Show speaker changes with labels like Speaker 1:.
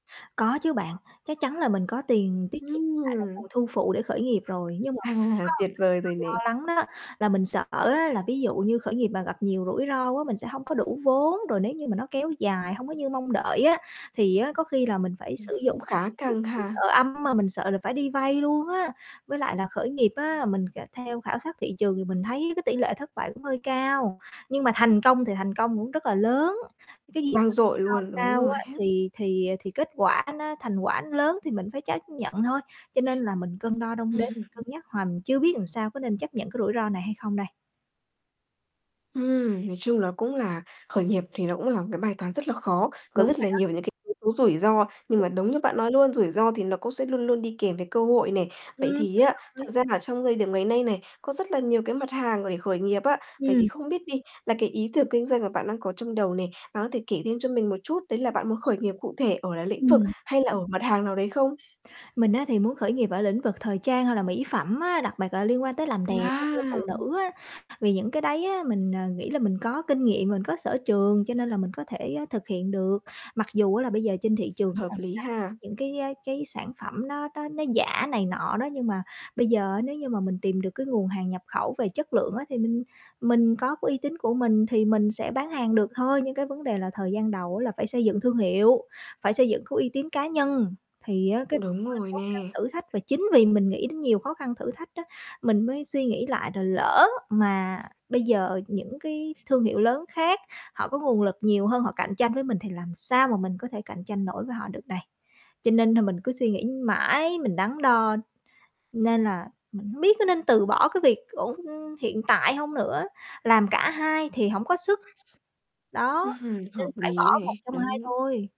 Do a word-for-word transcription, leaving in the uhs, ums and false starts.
Speaker 1: Có chứ bạn, chắc chắn là mình có tiền tiết kiệm lại là
Speaker 2: Ừm.
Speaker 1: nguồn thu phụ để khởi nghiệp rồi, nhưng mà mình cũng
Speaker 2: À,
Speaker 1: có một
Speaker 2: tuyệt vời rồi
Speaker 1: cái
Speaker 2: nè.
Speaker 1: mình lo lắng đó, là mình sợ á là ví dụ như khởi nghiệp mà gặp nhiều rủi ro quá mình sẽ hông có đủ vốn rồi nếu như mà nó kéo dài hông có như mong đợi á, thì á có khi là mình phải
Speaker 2: Ừm,
Speaker 1: sử dụng
Speaker 2: cũng khá
Speaker 1: kiểu
Speaker 2: căng
Speaker 1: mà mình bị
Speaker 2: ha.
Speaker 1: sợ âm mà mình sợ là phải đi vay luôn á. Với lại là khởi nghiệp á, mình cả theo khảo sát thị trường thì mình thấy cái tỷ lệ thất bại cũng hơi cao. Nhưng mà thành công thì thành công cũng rất là lớn, cái gì
Speaker 2: Vang
Speaker 1: mà
Speaker 2: dội
Speaker 1: rủi
Speaker 2: luôn,
Speaker 1: ro
Speaker 2: đúng
Speaker 1: cao
Speaker 2: rồi
Speaker 1: á
Speaker 2: ha?
Speaker 1: thì thì thì, à, thì kết quả nó thành quả nó lớn thì mình phải chấp nhận thôi, cho nên là mình cân đo đong đếm,
Speaker 2: Ừm.
Speaker 1: cân nhắc hoài mình chưa biết ừn sao, có nên chấp nhận cái rủi ro này hay không đây.
Speaker 2: Ừm, nói chung nó cũng là khởi nghiệp thì nó cũng là một cái bài toán rất là khó, có
Speaker 1: Đúng
Speaker 2: rất
Speaker 1: rồi
Speaker 2: là
Speaker 1: đó.
Speaker 2: nhiều những cái yếu tố rủi ro, nhưng mà đúng như bạn nói luôn, rủi ro thì nó cũng sẽ luôn luôn đi kèm với cơ hội này. Vậy
Speaker 1: Ừm,
Speaker 2: thì
Speaker 1: đúng
Speaker 2: á, thật
Speaker 1: rồi.
Speaker 2: ra là trong thời điểm ngày nay này, có rất là nhiều cái mặt hàng mà để khởi nghiệp á. Vậy thì
Speaker 1: Ừm.
Speaker 2: không biết đi, là cái ý tưởng kinh doanh mà bạn đang có trong đầu này, đó, thể kể thêm cho mình một chút, đấy là bạn muốn khởi nghiệp cụ thể ở là lĩnh vực
Speaker 1: Ừm.
Speaker 2: hay là ở mặt hàng nào đấy không?
Speaker 1: Mình á thì muốn khởi nghiệp ở lĩnh vực thời trang hoặc là mỹ phẩm á, đặc bặc là liên quan tới làm đẹp, a, cho
Speaker 2: À!
Speaker 1: phụ nữ á, vì những cái đấy á mình, à, nghĩ là mình có kinh nghiệm, mình có sở trường, cho nên là mình có thể, a, thực hiện được. Mặc dù á là bây giờ trên thị trường á
Speaker 2: Hợp
Speaker 1: là người
Speaker 2: lý
Speaker 1: ta
Speaker 2: ha.
Speaker 1: những, cái, á, cái sản phẩm nó nó nó giả này nọ đó, nhưng mà bây giờ á nếu như mà mình tìm được cái nguồn hàng nhập khẩu về chất lượng á, thì mình mình có coái uy tín của mình thì mình sẽ bán hàng được thôi. Nhưng cái vấn đề là thời gian đầu á là phải xây dựng thương hiệu, phải xây dựng cái uy tín cá nhân, thì á cái
Speaker 2: Đúng
Speaker 1: hơi
Speaker 2: rồi
Speaker 1: khó khăn
Speaker 2: nè.
Speaker 1: thử thách. Và chính vì mình nghĩ đến nhiều khó khăn thử thách á mình mới suy nghĩ lại là lỡ mà bây giờ những cái thương hiệu lớn khác họ có nguồn lực nhiều hơn họ cạnh tranh với mình thì làm sao mà mình có thể cạnh tranh nổi với họ được đây. Cho nên nà mình cứ suy nghĩ mãi, mình đắn đo, nên là mình hông biết có nên từ bỏ cái việc ổn, ưm, hiện tại hông nữa, làm cả hai thì hổng có sức, đó,
Speaker 2: Ừm hưm,
Speaker 1: nên
Speaker 2: hợp
Speaker 1: phải bỏ
Speaker 2: ný
Speaker 1: một
Speaker 2: này,
Speaker 1: trong hai
Speaker 2: đúng.
Speaker 1: thôi.